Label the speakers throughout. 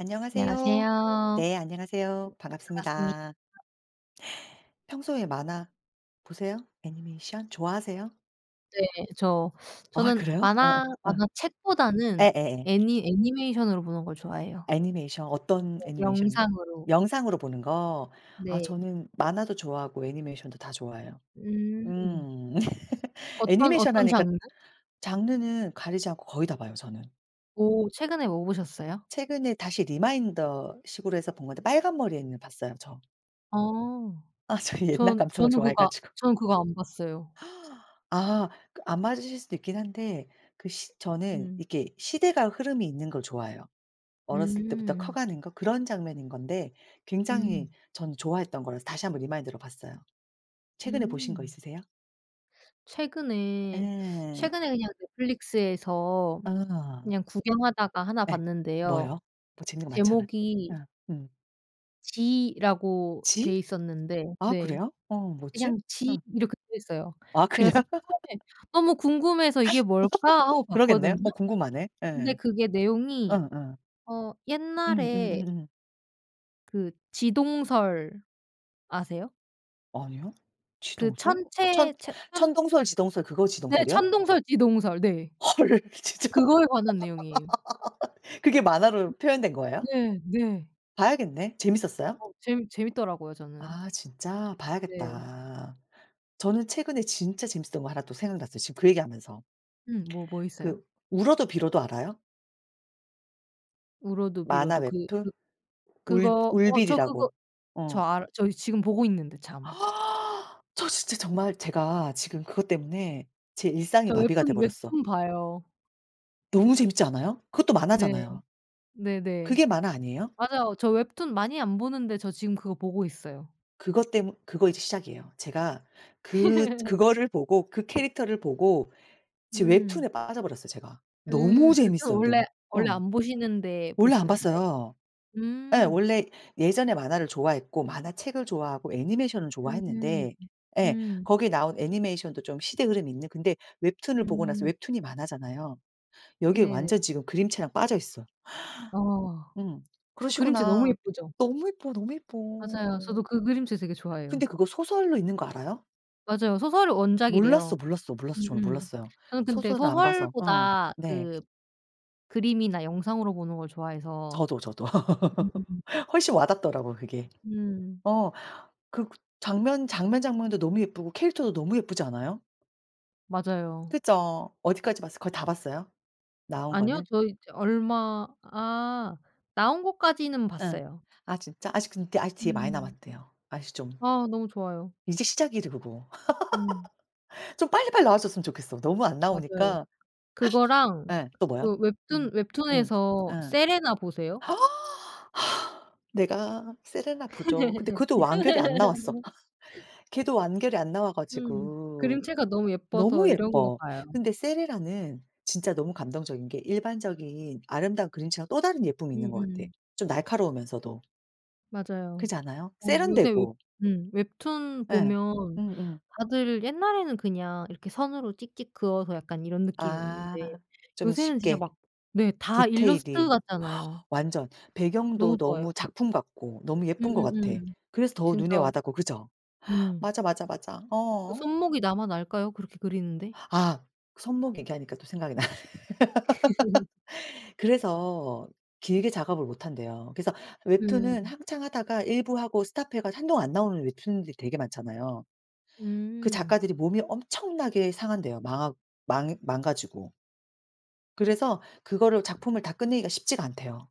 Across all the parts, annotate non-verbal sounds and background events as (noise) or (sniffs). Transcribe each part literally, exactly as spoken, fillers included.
Speaker 1: 안녕하세요.
Speaker 2: 안녕하세요.
Speaker 1: 네 안녕하세요.
Speaker 2: 반갑습니다.
Speaker 1: 반갑습니다. 평소에 만화 보세요? 애니메이션 좋아하세요?
Speaker 2: 네 저 (sucks teeth)
Speaker 1: 아
Speaker 2: 저는
Speaker 1: 그래요? 아
Speaker 2: 만화
Speaker 1: 아.
Speaker 2: 만화책보다는
Speaker 1: 예예예.
Speaker 2: 애니 애니메이션으로 보는 걸 좋아해요.
Speaker 1: 애니메이션 어떤
Speaker 2: 네
Speaker 1: 애니메이션이요?
Speaker 2: 영상으로.
Speaker 1: 영상으로 보는 거. 아
Speaker 2: 네.
Speaker 1: 저는 만화도 좋아하고 애니메이션도 다 좋아해요.
Speaker 2: 음.
Speaker 1: 음 (laughs)
Speaker 2: 어떤
Speaker 1: 애니메이션
Speaker 2: 어떤
Speaker 1: 하니까
Speaker 2: 장르?
Speaker 1: 장르는 가리지 않고 거의 다 봐요 저는.
Speaker 2: 오. 최근에 뭐 보셨어요?
Speaker 1: 최근에 다시 리마인더 식으로 해서 본 건데 빨간 머리 앤을 봤어요. 저.
Speaker 2: 아
Speaker 1: 아 저 이 옛날
Speaker 2: 전
Speaker 1: 감성을
Speaker 2: 저는 그거
Speaker 1: 좋아해가지고.
Speaker 2: 저는 그거 안 봤어요.
Speaker 1: (gasps) 아. 그 안 맞으실 수도 있긴 한데 그 시 저는
Speaker 2: 음.
Speaker 1: 이렇게 시대가 흐름이 있는 걸 좋아해요. 어렸을 때부터
Speaker 2: 음.
Speaker 1: 커가는 거 그런 장면인 건데 굉장히
Speaker 2: 음.
Speaker 1: 저는 좋아했던 거라서 다시 한번 리마인드로 봤어요. 최근에 보신 거
Speaker 2: 음.
Speaker 1: 있으세요?
Speaker 2: 최근에 (sucks teeth)
Speaker 1: 예.
Speaker 2: 최근에 그냥 넷플릭스에서
Speaker 1: 아.
Speaker 2: 그냥 구경하다가 하나
Speaker 1: 예
Speaker 2: 봤는데요.
Speaker 1: 뭐요? 뭐 재밌는 거 많잖아. 예
Speaker 2: 제목이
Speaker 1: 음.
Speaker 2: '지' 라고
Speaker 1: 지?
Speaker 2: 돼 있었는데
Speaker 1: 아
Speaker 2: 네.
Speaker 1: 그래요? 어 뭐지?
Speaker 2: 그냥 '지'
Speaker 1: 음.
Speaker 2: 이렇게 되어 있어요.
Speaker 1: 아 그냥?
Speaker 2: 그래서
Speaker 1: (laughs)
Speaker 2: 처음에 너무 궁금해서 '이게 뭘까?' 하고
Speaker 1: (laughs) 그러겠네. 어
Speaker 2: 봤거든요.
Speaker 1: 궁금하네.
Speaker 2: 근데
Speaker 1: 예.
Speaker 2: 그게 내용이
Speaker 1: 응. 응.
Speaker 2: 어
Speaker 1: 음.
Speaker 2: 옛날에
Speaker 1: 음음음.
Speaker 2: 그 지동설 아세요?
Speaker 1: 아니요.
Speaker 2: 그
Speaker 1: 지동설? 천
Speaker 2: 천체 체 천
Speaker 1: 천동설 지동설 그거
Speaker 2: 네,
Speaker 1: 지동설이요?
Speaker 2: 천동설 지동설. 네.
Speaker 1: 헐. 진짜?
Speaker 2: 그거에 관한 내용이에요.
Speaker 1: (laughs) 그게 만화로 표현된 거예요?
Speaker 2: 네. 네.
Speaker 1: 봐야겠네. 재밌었어요?
Speaker 2: 어 재밌 재밌더라고요 저는.
Speaker 1: 아, 진짜?
Speaker 2: 네.
Speaker 1: 봐야겠다. 저는 최근에 진짜 재밌었던 거 하나 또 생각났어요 지금 그 얘기 하면서.
Speaker 2: 음 뭐 뭐 있어요?
Speaker 1: 그 울어도 빌어도 알아요?
Speaker 2: 울어도
Speaker 1: 만화
Speaker 2: 빌어도. 그
Speaker 1: 웹툰?
Speaker 2: 그
Speaker 1: 울
Speaker 2: 그거 어 저 그거
Speaker 1: 울빌이라고.
Speaker 2: 저
Speaker 1: 어.
Speaker 2: 알 저 지금 보고 있는데 참.
Speaker 1: (gasps) 저 진짜 정말 제가 지금 그것 때문에 제 일상이
Speaker 2: 저
Speaker 1: 마비가 돼
Speaker 2: 웹툰,
Speaker 1: 버렸어.
Speaker 2: 웹툰 봐요.
Speaker 1: 너무 재밌지 않아요? 그것도
Speaker 2: 네.
Speaker 1: 만화잖아요.
Speaker 2: 네네.
Speaker 1: 그게 만화 아니에요?
Speaker 2: 맞아요. 저 웹툰 많이 안 보는데 저 지금 그거 보고 있어요.
Speaker 1: 그것 때문 그거 이제 시작이에요. 제가 그
Speaker 2: (laughs)
Speaker 1: 그거를 보고 그 캐릭터를 보고 지금
Speaker 2: 음.
Speaker 1: 웹툰에 빠져 버렸어요 제가. 너무
Speaker 2: 음 웹툰
Speaker 1: 재밌어요
Speaker 2: 원래
Speaker 1: 너무.
Speaker 2: 원래
Speaker 1: 어.
Speaker 2: 안 보시는데
Speaker 1: 원래 안
Speaker 2: 보시는 거예요?
Speaker 1: 봤어요. 예.
Speaker 2: 음.
Speaker 1: 원래 예전에 만화를 좋아했고 만화책을 좋아하고 애니메이션을
Speaker 2: 음.
Speaker 1: 좋아했는데 예.
Speaker 2: 음.
Speaker 1: 거기에 나온 애니메이션도 좀 시대 흐름이 있는 근데 웹툰을 보고 나서
Speaker 2: 음.
Speaker 1: 웹툰이 만화잖아요. 여기에
Speaker 2: 네네.
Speaker 1: 완전 지금 그림체랑 빠져 있어. (inhales)
Speaker 2: 어.
Speaker 1: 음
Speaker 2: 그림체 너무
Speaker 1: 그러시구나.
Speaker 2: 예쁘죠?
Speaker 1: 너무 이뻐, 너무 이뻐.
Speaker 2: 맞아요. 저도 그 그림체 되게
Speaker 1: 근데
Speaker 2: 좋아해요.
Speaker 1: 그거 소설로 있는 거 알아요?
Speaker 2: 맞아요. 소설이 원작이래요.
Speaker 1: 몰랐어, 몰랐어, 몰랐어 저는
Speaker 2: 음음
Speaker 1: 몰랐어요.
Speaker 2: 저는 근데
Speaker 1: 소설을 안 봐서. 어
Speaker 2: 소설보다
Speaker 1: 네.
Speaker 2: 그 그림이나 영상으로 보는 걸 좋아해서
Speaker 1: 저도, 저도 (laughs)
Speaker 2: 음음음음.
Speaker 1: 훨씬 와 닿더라고 그게.
Speaker 2: 음.
Speaker 1: 어 그 장면, 장면, 장면도 너무 예쁘고 캐릭터도 너무 예쁘지 않아요?
Speaker 2: 맞아요.
Speaker 1: 그죠. 어디까지 봤어요? 거의 다 봤어요? 나온
Speaker 2: 아니요.
Speaker 1: 거는?
Speaker 2: 저 이제 얼마 아 나온 것까지는
Speaker 1: 음.
Speaker 2: 봤어요.
Speaker 1: 아 진짜? 아직 근데 아직 뒤에 많이
Speaker 2: 음.
Speaker 1: 남았대요. 아직 좀.
Speaker 2: 아 너무 좋아요.
Speaker 1: 이제 시작이지 그거
Speaker 2: 음.
Speaker 1: (laughs) 좀 빨리빨리 나와 줬으면 좋겠어. 너무 안
Speaker 2: 맞아요.
Speaker 1: 나오니까
Speaker 2: 그거랑
Speaker 1: 예 또 뭐요?
Speaker 2: 그 웹툰,
Speaker 1: 음 음
Speaker 2: 웹툰에서
Speaker 1: 음.
Speaker 2: 세레나 보세요?
Speaker 1: (gasps) 내가 세레나 보죠. 근데 그것도 완결이 안 나왔어.
Speaker 2: (laughs)
Speaker 1: (laughs) 걔도 완결이 안 나와
Speaker 2: 음
Speaker 1: 가지고
Speaker 2: 그림체가 너무 예뻐서
Speaker 1: 너무
Speaker 2: 이런 거
Speaker 1: 예뻐.
Speaker 2: 봐요.
Speaker 1: 근데 세레나는 진짜 너무 감동적인 게 일반적인 아름다운 그림체랑 또 다른 예쁨이 있는 것 같아.
Speaker 2: 음음.
Speaker 1: 좀 날카로우면서도.
Speaker 2: 맞아요.
Speaker 1: 그렇지 않아요?
Speaker 2: 어 요새 웹
Speaker 1: 세련되고.
Speaker 2: 음 웹툰
Speaker 1: 예.
Speaker 2: 보면
Speaker 1: 음음.
Speaker 2: 다들 옛날에는 그냥 이렇게 선으로 찍찍 그어서 약간 이런 느낌이었는데
Speaker 1: 아 좀
Speaker 2: 요새는 진짜
Speaker 1: 쉽게
Speaker 2: 막 네 다 일러스트
Speaker 1: 디테일이 (gasps)
Speaker 2: 같잖아요.
Speaker 1: 완전. 배경도
Speaker 2: 너무 좋아요.
Speaker 1: 너무 작품 같고 너무 예쁜 것 같아.
Speaker 2: 음음음.
Speaker 1: 그래서 더 눈에 와
Speaker 2: 진짜.
Speaker 1: 닿고 그죠? (gasps)
Speaker 2: 음.
Speaker 1: 맞아, 맞아, 맞아
Speaker 2: 그
Speaker 1: 어.
Speaker 2: 손목이 남아날까요? 그렇게 그리는데?
Speaker 1: (gasps) 아 손목 얘기하니까 또 생각이 나네.
Speaker 2: (laughs)
Speaker 1: (laughs) 그래서 길게 작업을 못 한대요. 그래서 웹툰은
Speaker 2: 음.
Speaker 1: 한참 하다가 일부하고 스톱해 가지고 한동안 안 나오는 웹툰들이 되게 많잖아요. 그
Speaker 2: 음.
Speaker 1: 작가들이 몸이 엄청나게 상한대요. 마악 망 망가지고. 그래서 그거를 작품을 다 끝내기가 쉽지가 않대요.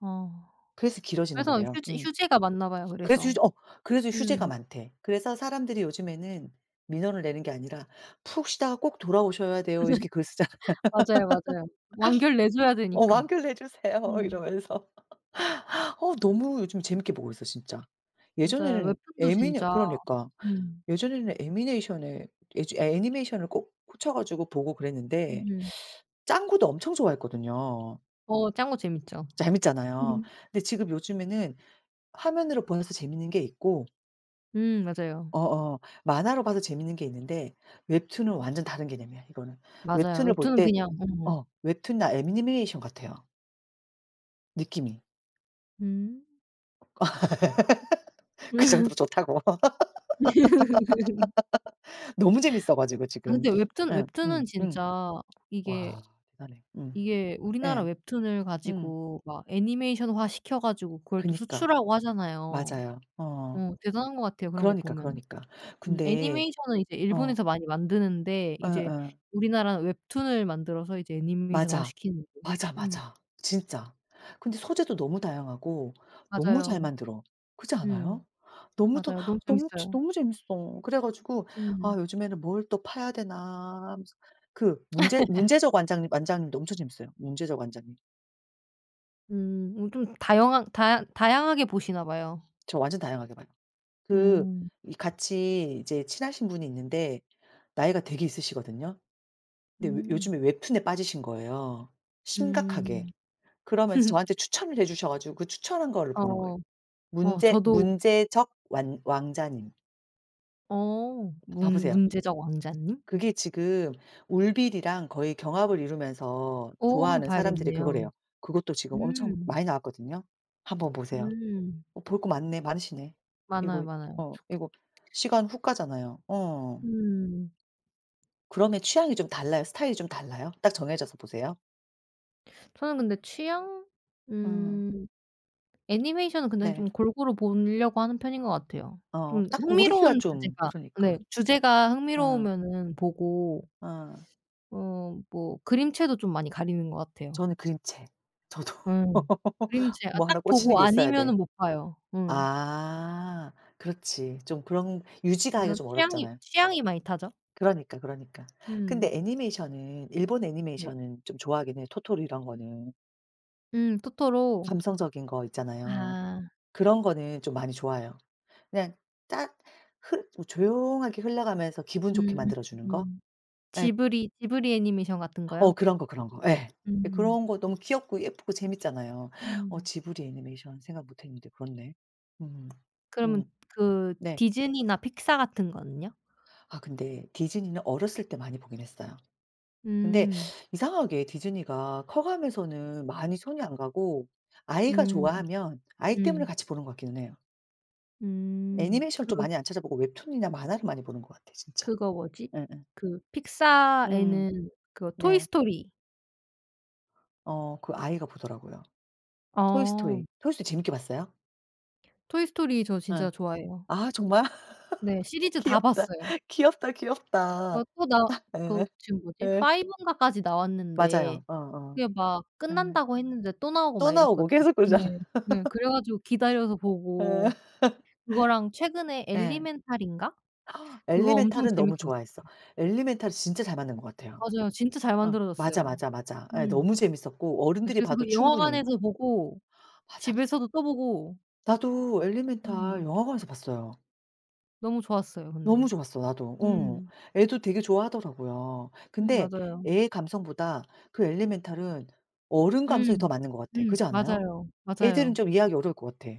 Speaker 2: 어.
Speaker 1: 그래서 길어지는
Speaker 2: 그래서
Speaker 1: 거래요.
Speaker 2: 휴지
Speaker 1: 음.
Speaker 2: 휴재가 많나봐요
Speaker 1: 그래서
Speaker 2: 그래서.
Speaker 1: 휴재 어. 그래서 휴재가
Speaker 2: 음.
Speaker 1: 많대. 그래서 사람들이 요즘에는 민원을 내는 게 아니라 "푹 쉬다가 꼭 돌아오셔야 돼요." 이렇게 글을 쓰잖아. (laughs)
Speaker 2: (laughs) 맞아요, 맞아요. 완결 내 줘야
Speaker 1: 어.
Speaker 2: 되니까.
Speaker 1: "완결 내 주세요."
Speaker 2: 음.
Speaker 1: 이러면서. (laughs) 어 너무 요즘 재밌게 보고 있어요 진짜.
Speaker 2: 맞아요.
Speaker 1: 예전에는
Speaker 2: 웹툰도
Speaker 1: 애미네
Speaker 2: 진짜
Speaker 1: 그러니까.
Speaker 2: 음.
Speaker 1: 예전에는 애미네이션에 애즈 애니메이션을 꼭 꽂혀 가지고 보고 그랬는데
Speaker 2: 음.
Speaker 1: (sucks teeth) 짱구도 엄청 좋아했거든요.
Speaker 2: 어 짱구 재밌죠.
Speaker 1: 재밌잖아요.
Speaker 2: (laughs)
Speaker 1: 근데 지금 요즘에는 화면으로 보면서 재밌는 게 있고
Speaker 2: 음 맞아요.
Speaker 1: 어어. 만화로 봐도 재밌는 게 있는데 웹툰은 완전 다른 개념이야 이거는.
Speaker 2: 맞아요.
Speaker 1: 웹툰을 볼
Speaker 2: 웹툰는
Speaker 1: 때
Speaker 2: 그냥 음.
Speaker 1: 어. 웹툰 나 애니메이션 같아요. 느낌이.
Speaker 2: 음.
Speaker 1: (laughs) 그 정도로
Speaker 2: (laughs)
Speaker 1: 좋다고.
Speaker 2: (laughs)
Speaker 1: (laughs) 너무 재밌어 가지고
Speaker 2: (inhales) 아
Speaker 1: 지금.
Speaker 2: 근데 웹툰 웹툰은
Speaker 1: 응응응.
Speaker 2: 진짜 이게,
Speaker 1: 와 대단해. 응.
Speaker 2: 이게 우리나라
Speaker 1: 예.
Speaker 2: 웹툰을
Speaker 1: 응.
Speaker 2: 가지고 막 애니메이션화 시켜 가지고 그걸 또
Speaker 1: 그니까.
Speaker 2: 수출하고 하잖아요.
Speaker 1: 맞아요. 어.
Speaker 2: 어 대단한 것 같아요 그런 거
Speaker 1: 그러니까
Speaker 2: 보면은.
Speaker 1: 그러니까.
Speaker 2: 음
Speaker 1: 근데
Speaker 2: 애니메이션은 이제
Speaker 1: 어.
Speaker 2: 일본에서 많이 만드는데 이제
Speaker 1: 어어.
Speaker 2: 우리나라는 웹툰을 만들어서 이제 애니메이션화
Speaker 1: 맞아.
Speaker 2: 시키는 게
Speaker 1: 맞아,
Speaker 2: 음.
Speaker 1: 맞아. 진짜. 근데 소재도 너무 다양하고 너무 잘
Speaker 2: 맞아요.
Speaker 1: 만들어. 그렇지
Speaker 2: 음.
Speaker 1: 않아요? 너무도
Speaker 2: 맞아요. 너무
Speaker 1: 너무 진
Speaker 2: 재밌어요.
Speaker 1: 너무 재밌어. 그래 가지고 아
Speaker 2: 음.
Speaker 1: 요즘에는 '뭘 또 파야 되나?' 하면서. 그 문제
Speaker 2: (laughs)
Speaker 1: 문제적 완장 완장도 엄청 재밌어요. 문제적 왕자님.
Speaker 2: 음 어 좀 다양한 다양 다양하게 보시나 봐요.
Speaker 1: 저 완전 다양하게 봐요. 그
Speaker 2: 음.
Speaker 1: 이 같이 이제 친하신 분이 있는데 나이가 되게 있으시거든요. 근데 요
Speaker 2: 음.
Speaker 1: 요즘에 웹툰에 빠지신 거예요 심각하게.
Speaker 2: 음.
Speaker 1: 그러면서
Speaker 2: (laughs)
Speaker 1: 저한테 추천을 해 주셔 가지고 그 추천한 거를 보는 거예요.
Speaker 2: 어 어
Speaker 1: 문제
Speaker 2: 저도
Speaker 1: 문제적 완 왕자님.
Speaker 2: 어
Speaker 1: 봐
Speaker 2: 문
Speaker 1: 보세요.
Speaker 2: 문제적 왕자님?
Speaker 1: 그게 지금 울빌이랑 거의 경합을 이루면서
Speaker 2: 오 한번
Speaker 1: 좋아하는 사람들이
Speaker 2: 봐야겠네요.
Speaker 1: 그거래요. 그것도 지금 엄청
Speaker 2: 음.
Speaker 1: 많이 나왔거든요. 한번 보세요.
Speaker 2: 음.
Speaker 1: 어 볼 거 많네 많으시네.
Speaker 2: 많아요,
Speaker 1: 이거
Speaker 2: 많아요.
Speaker 1: 어
Speaker 2: 좋겠다.
Speaker 1: 이거 시간 훅 가잖아요. 어.
Speaker 2: 음.
Speaker 1: 그러면 취향이 좀 달라요? 스타일이 좀 달라요? 딱 정해져서 보세요?
Speaker 2: (inhales) 저는 근데 취향
Speaker 1: 어.
Speaker 2: 음 애니메이션은 근데
Speaker 1: 네.
Speaker 2: 좀 골고루 보려고 하는 편인 것 같아요.
Speaker 1: 어
Speaker 2: 좀
Speaker 1: 딱 고르기가
Speaker 2: 흥미로운
Speaker 1: 좀
Speaker 2: 주제가 네
Speaker 1: 그러니까.
Speaker 2: 주제가
Speaker 1: 음.
Speaker 2: 흥미로우면은 보고
Speaker 1: 어.
Speaker 2: 어 뭐 그림체도 좀 많이 가리는 것 같아요.
Speaker 1: 저는 그림체. 저도
Speaker 2: 음.
Speaker 1: (laughs)
Speaker 2: 그림체가
Speaker 1: 뭐
Speaker 2: 딱
Speaker 1: 하나 꽂히는
Speaker 2: 보고
Speaker 1: 게 있어야 돼.
Speaker 2: 아니면은 못 봐요. 음.
Speaker 1: 아 그렇지. 좀 그런 유지가 하기가
Speaker 2: 그죠.
Speaker 1: 좀
Speaker 2: 취향이
Speaker 1: 어렵잖아요.
Speaker 2: 취향이 많이 타죠.
Speaker 1: 그러니까, 그러니까. 근데
Speaker 2: 음.
Speaker 1: 애니메이션은 일본
Speaker 2: 네.
Speaker 1: 애니메이션은 좀 좋아하긴 해요. 토토로 이런 거는.
Speaker 2: 음 토토로.
Speaker 1: 감성적인 거 있잖아요.
Speaker 2: 아.
Speaker 1: 그런 거는 좀 많이 좋아해요. 그냥 딱 흘 뭐 조용하게 흘러가면서 기분 좋게
Speaker 2: 음.
Speaker 1: 만들어 주는 거?
Speaker 2: 음.
Speaker 1: 예.
Speaker 2: 지브리, 지브리 애니메이션 같은
Speaker 1: 어
Speaker 2: 거요?
Speaker 1: 그런 거 그런 거. 예 예
Speaker 2: 음.
Speaker 1: 그런 거 너무 귀엽고 예쁘고 재밌잖아요. (gasps) 어
Speaker 2: 음.
Speaker 1: 지브리 애니메이션 생각 못 했는데 그렇네. 음
Speaker 2: 그러면
Speaker 1: 음
Speaker 2: 그
Speaker 1: 네.
Speaker 2: 디즈니나 픽사 같은 거는요?
Speaker 1: 아 근데 디즈니는 어렸을 때 많이 보긴 했어요. 근데
Speaker 2: 음.
Speaker 1: (sucks teeth) 이상하게 디즈니가 커 가면서는 많이 손이 안 가고 아이가
Speaker 2: 음
Speaker 1: 좋아하면 아이 때문에
Speaker 2: 음.
Speaker 1: 같이 보는 것 같기는 해요.
Speaker 2: 음
Speaker 1: 애니메이션 좀
Speaker 2: 그
Speaker 1: 많이 안 찾아보고 웹툰이나 만화를 많이 보는 것 같아 진짜.
Speaker 2: 그거 뭐지?
Speaker 1: 예예.
Speaker 2: 그
Speaker 1: 음
Speaker 2: 픽사에는 그 토이
Speaker 1: 네.
Speaker 2: 스토리.
Speaker 1: 어 그 아이가 보더라고요. 토이
Speaker 2: 어.
Speaker 1: 스토리, 토이 스토리 재밌게 봤어요?
Speaker 2: 토이 스토리 저
Speaker 1: 어
Speaker 2: 진짜 좋아해요.
Speaker 1: 아 정말?
Speaker 2: 네
Speaker 1: (laughs)
Speaker 2: 시리즈 다
Speaker 1: 귀엽다.
Speaker 2: 봤어요.
Speaker 1: 귀엽다, 귀엽다.
Speaker 2: 어 또 나
Speaker 1: (laughs)
Speaker 2: 그
Speaker 1: 어
Speaker 2: 지금 뭐지?
Speaker 1: 예.
Speaker 2: 파이브 인가까지 나왔는데
Speaker 1: 맞아요. 어어.
Speaker 2: 그게 막
Speaker 1: 예
Speaker 2: 끝난다고 했는데 또 나오고
Speaker 1: 또
Speaker 2: 막
Speaker 1: 나오고
Speaker 2: 이랬거든요.
Speaker 1: 계속 그러잖아요.
Speaker 2: 네. 네
Speaker 1: (laughs)
Speaker 2: 그래가지고 기다려서
Speaker 1: 어.
Speaker 2: 보고.
Speaker 1: (laughs)
Speaker 2: 그거랑 최근에
Speaker 1: 예.
Speaker 2: 엘리멘탈인가?
Speaker 1: (gasps)
Speaker 2: 그거 엄청
Speaker 1: 엘리멘탈은 너무
Speaker 2: 재밌게
Speaker 1: 좋아했어.
Speaker 2: 봤어요.
Speaker 1: 엘리멘탈은 진짜 잘 만든 것 같아요.
Speaker 2: 맞아요. 진짜 잘
Speaker 1: 어 맞아,
Speaker 2: 만들어졌어요.
Speaker 1: 맞아, 맞아. 예
Speaker 2: 음
Speaker 1: 너무 재밌었고
Speaker 2: 네
Speaker 1: 어른들이
Speaker 2: 그래서
Speaker 1: 봐도
Speaker 2: 그
Speaker 1: 충분히
Speaker 2: 영화관에서 보고
Speaker 1: 맞아, 맞아.
Speaker 2: 집에서도 또 보고.
Speaker 1: 나도 엘리멘탈
Speaker 2: 음.
Speaker 1: 영화관에서 봤어요.
Speaker 2: 너무 좋았어요
Speaker 1: 너무
Speaker 2: 근데.
Speaker 1: 좋았어 나도. 어
Speaker 2: 음.
Speaker 1: 애도 되게 좋아하더라고요.
Speaker 2: 음
Speaker 1: 근데
Speaker 2: 맞아요.
Speaker 1: 애의 감성보다 그 엘리멘탈은 어른 감성이 더
Speaker 2: 음.
Speaker 1: 맞는 것 같아.
Speaker 2: 음.
Speaker 1: 그렇지 않아요?
Speaker 2: 맞아요.
Speaker 1: 애들은
Speaker 2: 맞아요.
Speaker 1: 좀 이해하기 어려울 것 같아.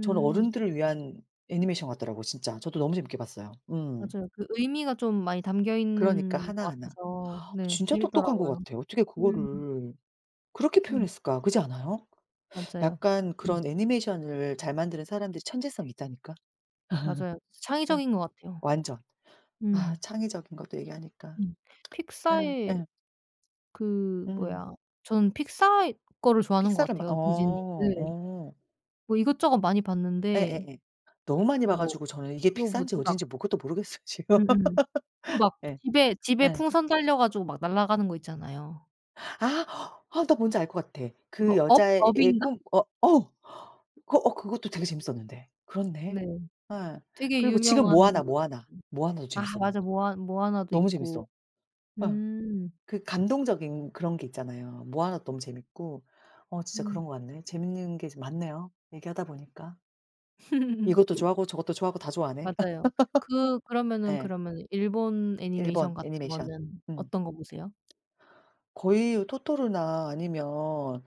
Speaker 1: 저는 어른들을 위한 애니메이션 같더라고 진짜. 저도 너무 재밌게 봤어요. 음.
Speaker 2: 맞아요. 그 의미가 좀 많이
Speaker 1: 그러니까
Speaker 2: 담겨있는 것
Speaker 1: 하나하나.
Speaker 2: 같아서
Speaker 1: 아
Speaker 2: 네
Speaker 1: 진짜 똑똑한 것
Speaker 2: 재밌더라고요.
Speaker 1: 같아. 어떻게
Speaker 2: 음.
Speaker 1: 그거를 그렇게
Speaker 2: 음.
Speaker 1: 표현했을까? 그렇지 않아요?
Speaker 2: 맞아요.
Speaker 1: 약간
Speaker 2: 음.
Speaker 1: 그런 애니메이션을 잘 만드는 사람들이 천재성이 있다니까. (laughs)
Speaker 2: 맞아요. 창의적인 것 같아요.
Speaker 1: 완전. 아
Speaker 2: 음.
Speaker 1: 창의적인 거 또 얘기하니까.
Speaker 2: 음.
Speaker 1: (smacks lips) 예
Speaker 2: 픽사의
Speaker 1: 예.
Speaker 2: 그
Speaker 1: 음.
Speaker 2: 뭐야 전 픽사의 거를 좋아하는 것
Speaker 1: 픽사를 막 어
Speaker 2: 같아요 디즈니든.
Speaker 1: 어.
Speaker 2: 뭐 이것저것 많이 봤는데
Speaker 1: 예예예. 너무 많이 봐
Speaker 2: 뭐
Speaker 1: 가지고 저는 이게
Speaker 2: 그거
Speaker 1: 픽사인지
Speaker 2: 뭐지 막
Speaker 1: 어딘지 뭐 그것도 모르겠어요 지금.
Speaker 2: 음음. 그
Speaker 1: (laughs)
Speaker 2: 막
Speaker 1: 예.
Speaker 2: 집에, 집에
Speaker 1: 예.
Speaker 2: 풍선 달려 가지고 막 날아가는 거 있잖아요.
Speaker 1: 아 아 나 뭔지 알 것 같아. 그
Speaker 2: 그거 업,
Speaker 1: 여자애 애
Speaker 2: 업인가?
Speaker 1: 꿈 어 어 그 어 그것도 되게 재밌었는데. 그렇네.
Speaker 2: 네.
Speaker 1: 예.
Speaker 2: 되게
Speaker 1: 그리고 지금
Speaker 2: 유명한 음
Speaker 1: 모아나, 모아나, 모아나도
Speaker 2: 아
Speaker 1: 재밌어 난.
Speaker 2: 맞아. 모아 모아나도
Speaker 1: 너무
Speaker 2: 있고
Speaker 1: 재밌어. 예.
Speaker 2: 음.
Speaker 1: 그 감동적인 그런 게 있잖아요. 모아나도 너무 재밌고. 어 진짜
Speaker 2: 음.
Speaker 1: 그런 것 같네. 재밌는 게 이제 많네요, 얘기하다 보니까. 이것도
Speaker 2: (laughs)
Speaker 1: 좋아하고 저것도 좋아하고 다 좋아하네. (laughs)
Speaker 2: 맞아요. 그 그러면은,
Speaker 1: 예.
Speaker 2: 그러면은 일본
Speaker 1: 일본
Speaker 2: 애니메이션 같은
Speaker 1: 애니메이션.
Speaker 2: 거는
Speaker 1: 음
Speaker 2: 어떤 거 보세요?
Speaker 1: 거의 토토로나 아니면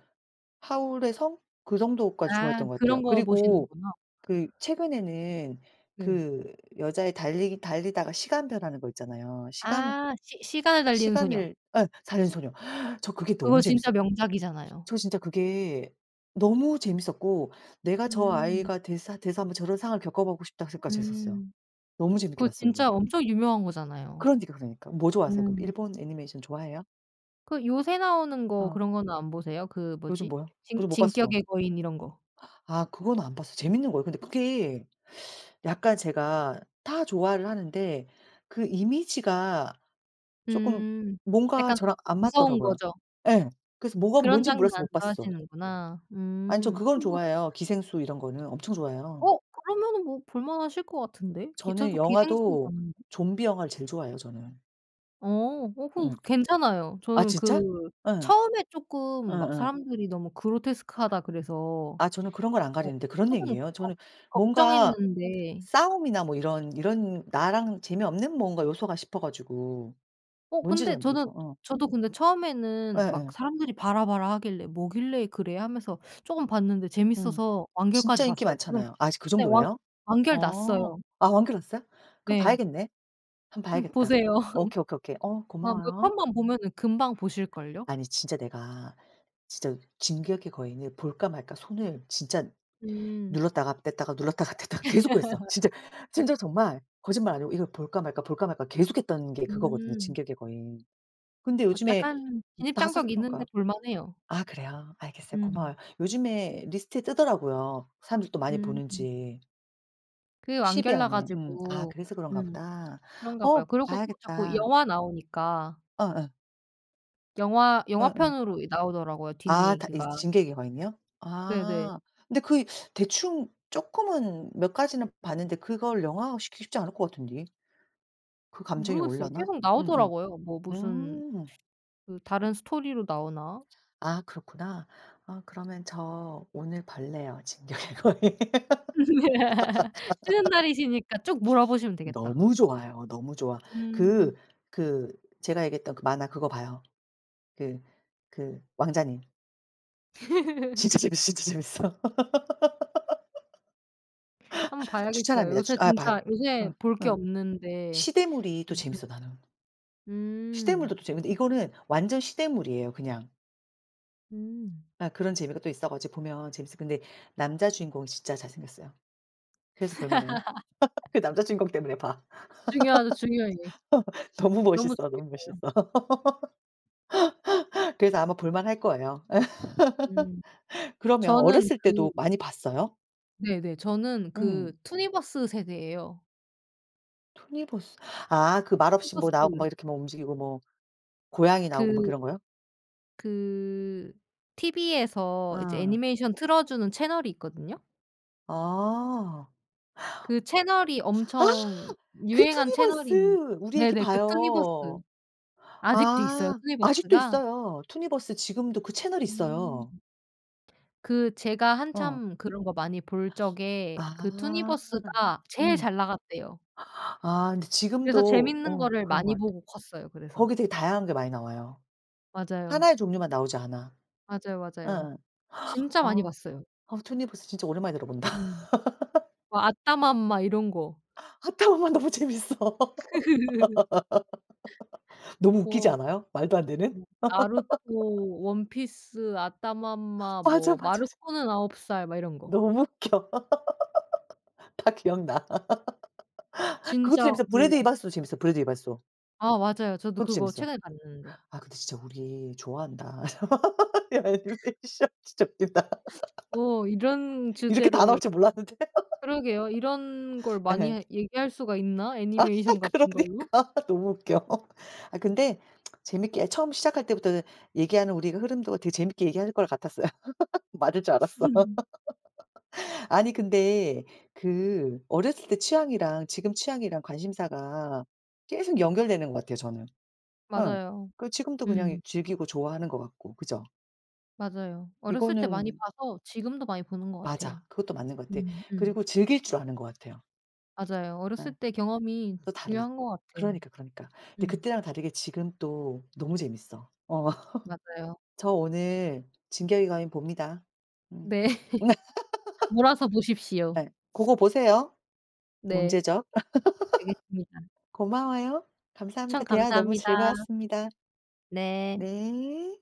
Speaker 1: 하울의 성 그 정도까지
Speaker 2: 아
Speaker 1: 좋아했던 것
Speaker 2: 그런
Speaker 1: 같아요.
Speaker 2: 거
Speaker 1: 그리고
Speaker 2: 보시는구나.
Speaker 1: 그 최근에는
Speaker 2: 네.
Speaker 1: 그 여자애 달리기 달리다가 시간 변하는 거 있잖아요. 시간
Speaker 2: 아 시 시간을 달리는 소녀.
Speaker 1: 시간을 예 사는 소녀. (inhales) 저 그게 너무
Speaker 2: 그거 진짜
Speaker 1: 재밌어.
Speaker 2: 명작이잖아요.
Speaker 1: 저 진짜 그게 너무 재밌었고 '내가 저
Speaker 2: 음.
Speaker 1: 아이가 되사 돼서 한 번 저런 상황을 겪어 보고 싶다.' 생각까지 했었어요.
Speaker 2: 음.
Speaker 1: 너무 재밌게
Speaker 2: 그거
Speaker 1: 봤어요 그거.
Speaker 2: 진짜 엄청 유명한 거잖아요.
Speaker 1: 그러니까, 그러니까. 뭐 좋아하세요 그럼?
Speaker 2: 음.
Speaker 1: 일본 애니메이션 좋아해요?
Speaker 2: 그 요새 나오는 거
Speaker 1: 어.
Speaker 2: 그런 거는 안 보세요? 그
Speaker 1: 요즘
Speaker 2: 뭐지?
Speaker 1: 뭐야?
Speaker 2: 진
Speaker 1: 뭐지 못 봤어.
Speaker 2: 진격의 거인 이런 거.
Speaker 1: 아 그건 안 봤어. 재밌는 거예요? 근데 그게 (sucks teeth) 약간 제가 다 좋아를 하는데 그 이미지가 쪼끔
Speaker 2: 음.
Speaker 1: 뭔가
Speaker 2: 약간
Speaker 1: 저랑 안
Speaker 2: 무서운
Speaker 1: 맞더라고요.
Speaker 2: 거죠.
Speaker 1: 예. 그래서 뭐가
Speaker 2: 그런
Speaker 1: 뭔지
Speaker 2: 장면
Speaker 1: 몰라서
Speaker 2: 안
Speaker 1: 못 봤어.
Speaker 2: 좋아하시는구나.
Speaker 1: 아니 저
Speaker 2: 음
Speaker 1: 그건
Speaker 2: (unintelligible)
Speaker 1: 좋아해요. 기생수 이런 거는 엄청 좋아해요.
Speaker 2: 어 그러면은 뭐 볼만하실 것 같은데? 기
Speaker 1: 저는
Speaker 2: 저도 기생수
Speaker 1: 영화도
Speaker 2: 봤는데.
Speaker 1: 좀비 영화를 제일 좋아해요 저는.
Speaker 2: 어 오 그거
Speaker 1: 음.
Speaker 2: 괜찮아요.
Speaker 1: 아
Speaker 2: 저는 그
Speaker 1: 진짜? 예.
Speaker 2: 처음에 쪼끔 막
Speaker 1: 예예.
Speaker 2: 사람들이 "너무 그로테스크하다." 그래서
Speaker 1: 아 저는 그런 걸 안
Speaker 2: 어
Speaker 1: 가리는데 그런
Speaker 2: 쪼끔
Speaker 1: 얘기예요?
Speaker 2: 걱
Speaker 1: 저는 뭔가
Speaker 2: 걱정했는데
Speaker 1: 싸움이나 뭐 이런, 이런 나랑 재미없는 뭔가 요소가 싶어 가지고
Speaker 2: 어
Speaker 1: 뭔지
Speaker 2: 근데
Speaker 1: 잘
Speaker 2: 저는
Speaker 1: 몰랐어 어.
Speaker 2: 저도 근데 처음에는 막
Speaker 1: 에에.
Speaker 2: 사람들이 "봐라봐라." 하길래 뭐길래 그래 하면서 쪼금 봤는데
Speaker 1: 음.
Speaker 2: 재밌어서 완결까지
Speaker 1: 진짜 인기
Speaker 2: 봤어요. 지금
Speaker 1: 많잖아요. 아직 그
Speaker 2: 네 완
Speaker 1: 정도예요?
Speaker 2: 완결
Speaker 1: 어
Speaker 2: 났어요.
Speaker 1: 아 완결 났어요? 그럼
Speaker 2: 네.
Speaker 1: 봐야겠네. 한번
Speaker 2: 음
Speaker 1: 봐야겠다.
Speaker 2: 보세요.
Speaker 1: 오케이, 오케이, 오케이.
Speaker 2: (laughs)
Speaker 1: 어
Speaker 2: 아 몇
Speaker 1: 고마워요.
Speaker 2: 번만 보면은 금방 보실 걸요?
Speaker 1: 아니 진짜 내가 진짜 진격의 거인을 볼까 말까 손을 진짜
Speaker 2: 음.
Speaker 1: 눌렀다가 뗐다가 눌렀다가 뗐다가 계속 그랬어
Speaker 2: (laughs)
Speaker 1: 진짜. 진짜로 정말 거짓말 아니고 이걸 볼까 말까 볼까 말까 계속했던 게 그거거든요
Speaker 2: 음.
Speaker 1: 진격의 거인. 근데
Speaker 2: 어
Speaker 1: 요즘에
Speaker 2: 약간 진입
Speaker 1: 다 사실
Speaker 2: 장벽이 있는데
Speaker 1: 그러니까
Speaker 2: 볼 만해요.
Speaker 1: 아 그래요? 알겠어요
Speaker 2: 음.
Speaker 1: 고마워요. 요즘에 리스트에 뜨더라고요 사람들 또 많이
Speaker 2: 음.
Speaker 1: 보는지.
Speaker 2: 그
Speaker 1: 십 위
Speaker 2: 완결
Speaker 1: 안에. 음 아
Speaker 2: 나가지고
Speaker 1: 그래서 그런가
Speaker 2: 음
Speaker 1: 보다.
Speaker 2: 그런가
Speaker 1: 어
Speaker 2: 봐요. 그러고 또 자꾸
Speaker 1: 봐야겠다.
Speaker 2: 영화 나오니까.
Speaker 1: 어 예.
Speaker 2: 영화
Speaker 1: 어어.
Speaker 2: 영화편으로 이 나오더라고요 뒷
Speaker 1: 아 다 이
Speaker 2: 얘기가.
Speaker 1: 진격의 거인이요?
Speaker 2: 네네.
Speaker 1: 아 근데 그 이 대충 쪼끔은 몇 가지는 봤는데 그걸 영화화시키기 쉽지 않을 것 같은데. 그 감정이
Speaker 2: 모르겠어요.
Speaker 1: 올라나?
Speaker 2: 계속
Speaker 1: 음음.
Speaker 2: 나오더라고요. 뭐 무슨
Speaker 1: 음.
Speaker 2: 그 다른 스토리로 나오나?
Speaker 1: 아 그렇구나. 아 그러면 저 오늘 볼래요 진격의 거인.
Speaker 2: (laughs) 쉬는 날이시니까 쭉 몰아
Speaker 1: (laughs)
Speaker 2: 보시면 되겠다.
Speaker 1: 너무 좋아요 너무 좋아. 그
Speaker 2: 음.
Speaker 1: 그 제가 얘기했던 그 만화 그거 봐요. 그 그 왕자님.
Speaker 2: (laughs)
Speaker 1: 진짜 재밌어, 진짜 재밌어.
Speaker 2: 한 번
Speaker 1: (laughs)
Speaker 2: 봐야겠어요.
Speaker 1: 추천합니다
Speaker 2: 요새
Speaker 1: 추천 아 반
Speaker 2: 진짜 요새
Speaker 1: 어
Speaker 2: 볼 게
Speaker 1: 어
Speaker 2: 없는데.
Speaker 1: 시대물이 또 재밌어 나는.
Speaker 2: 음음
Speaker 1: 시대물도
Speaker 2: 음.
Speaker 1: 또 재밌는데 이거는 완전 시대물이에요 그냥.
Speaker 2: 음.
Speaker 1: 예 그런 재미가 또 있어 가지고 보면 재밌어. 근데 남자 주인공이 진짜 잘 생겼어요 그래서 볼 만해요. (laughs) 그
Speaker 2: (laughs)
Speaker 1: 남자 주인공 때문에 봐.
Speaker 2: 중요하죠, 중요해.
Speaker 1: (laughs) 너무
Speaker 2: 너무
Speaker 1: 멋있어 너무 멋있어.
Speaker 2: 중요해요.
Speaker 1: (laughs) 그래서 아마 볼 만할 거예요 예.
Speaker 2: 음
Speaker 1: (laughs) 그러면
Speaker 2: 저는
Speaker 1: 어렸을
Speaker 2: 그
Speaker 1: 때도 많이 봤어요?
Speaker 2: 네네. 저는 그
Speaker 1: 음.
Speaker 2: 투니버스 세대에요.
Speaker 1: 투니버스 아 그 말 없이
Speaker 2: 투니버스.
Speaker 1: 뭐 나오고 막 이렇게 뭐 움직이고 뭐 고양이 나오고 뭐
Speaker 2: 그
Speaker 1: 그런 거요?
Speaker 2: 그 TV에서 이제
Speaker 1: 어.
Speaker 2: 애니메이션 틀어주는 채널이 있거든요.
Speaker 1: 아.
Speaker 2: 그 채널이 엄청
Speaker 1: (gasps) 아 그
Speaker 2: 유행한 채널인
Speaker 1: 투니버스! 우리 애기
Speaker 2: 네네 그 투니버스.
Speaker 1: 봐요.
Speaker 2: 아직도 있어요,
Speaker 1: 아 아직도
Speaker 2: 투니버스가?
Speaker 1: 있어요. 투니버스 지금도 그 채널이
Speaker 2: 음.
Speaker 1: 있어요.
Speaker 2: 그 제가
Speaker 1: 어.
Speaker 2: 한참 그런 거 많이 볼 적에 그
Speaker 1: 아
Speaker 2: 투니버스가 제일
Speaker 1: 음.
Speaker 2: 잘 나갔대요.
Speaker 1: 아 근데
Speaker 2: 그래서
Speaker 1: 지금도
Speaker 2: 재밌는
Speaker 1: 어
Speaker 2: 거를
Speaker 1: 그런 것
Speaker 2: 많이
Speaker 1: 같아.
Speaker 2: 보고 컸어요 그래서.
Speaker 1: 거기 되게 다양한 게 많이 나와요. 하나
Speaker 2: 맞아요.
Speaker 1: 의 종류만 나오지 않아.
Speaker 2: 맞아요, 맞아요.
Speaker 1: 어어. (gasps)
Speaker 2: 진짜 많이
Speaker 1: 어.
Speaker 2: 봤어요.
Speaker 1: 어 투니버스 진짜 오랜만에 들어본다.
Speaker 2: 음.
Speaker 1: (laughs)
Speaker 2: 뭐 아따맘마 이런 거.
Speaker 1: 아따맘마 너무 재밌어.
Speaker 2: (laughs)
Speaker 1: (laughs) 너무 웃기지
Speaker 2: 뭐
Speaker 1: 않아요? 말도 안 되는?
Speaker 2: 뭐 나루토,
Speaker 1: (laughs)
Speaker 2: 원피스, 아따맘마
Speaker 1: 맞아,
Speaker 2: 뭐
Speaker 1: 맞아. 지
Speaker 2: 마루코는 아홉 살 막 이런 거.
Speaker 1: 너무 웃겨. (laughs) 다 기억나. (laughs)
Speaker 2: 진짜
Speaker 1: 그것도 재밌어 브래드
Speaker 2: 뭐
Speaker 1: 이발소도 재밌어, 브래드 이발소.
Speaker 2: 아 맞아요. 저도
Speaker 1: 그것도
Speaker 2: 그거
Speaker 1: 재밌어.
Speaker 2: 최근에 봤는데.
Speaker 1: 아 근데 진짜 우리 좋아한다. (laughs) 야 애니메이션 진짜 웃긴다.
Speaker 2: (sniffs)
Speaker 1: (laughs)
Speaker 2: 뭐 이런
Speaker 1: 이렇게 다
Speaker 2: 주제로
Speaker 1: 나올 줄
Speaker 2: 이렇게
Speaker 1: 몰랐는데.
Speaker 2: 그러게요. 이런 걸
Speaker 1: (laughs)
Speaker 2: 많이
Speaker 1: 예.
Speaker 2: 해 얘기할 수가 있나?
Speaker 1: 아하
Speaker 2: 애니메이션 같은 걸로?
Speaker 1: 그러니까. 너무 웃겨. (laughs) 아 근데 (tsk) 재밌게 처음 시작할 때부터 얘기하는 우리 그 흐름도 되게 재밌게 얘기할 것 같았어요. (laughs) 맞을 줄 알았어.
Speaker 2: (laughs)
Speaker 1: (laughs) 아니 근데 그 어렸을 때 취향이랑 지금 취향이랑 관심사가 계속 연결되는 것 같아요 저는. 어
Speaker 2: 맞아요.
Speaker 1: 그 지금도 이 그냥
Speaker 2: 음.
Speaker 1: 즐기고 좋아하는 것 같고 그죠?
Speaker 2: 맞아요. 어렸을 때 많이
Speaker 1: 이거는
Speaker 2: 봐서 지금도 많이 보는 것 같아요.
Speaker 1: 맞아. 그것도 맞는 것 같아.
Speaker 2: 음 음.
Speaker 1: 그리고 즐길 줄 아는 것 같아요.
Speaker 2: 맞아요. 어렸을
Speaker 1: 예.
Speaker 2: 때 경험이
Speaker 1: 또 달라.
Speaker 2: 중요한 것 같아요.
Speaker 1: 그러니까, 그러니까. 근데
Speaker 2: 음.
Speaker 1: 그때랑 다르게 지금 또 너무 재밌어. 어
Speaker 2: 맞아요.
Speaker 1: (laughs) 저 오늘 진격의 거인 봅니다. 음.
Speaker 2: 네. 몰아서
Speaker 1: (laughs)
Speaker 2: 보십시오.
Speaker 1: 네 고거 보세요
Speaker 2: 네.
Speaker 1: 문제적.
Speaker 2: 알겠습니다.
Speaker 1: (laughs) 고마워요.
Speaker 2: 추천
Speaker 1: 감사합니다. 대화 너무
Speaker 2: 감사합니다.
Speaker 1: 즐거웠습니다.
Speaker 2: 네.
Speaker 1: 네.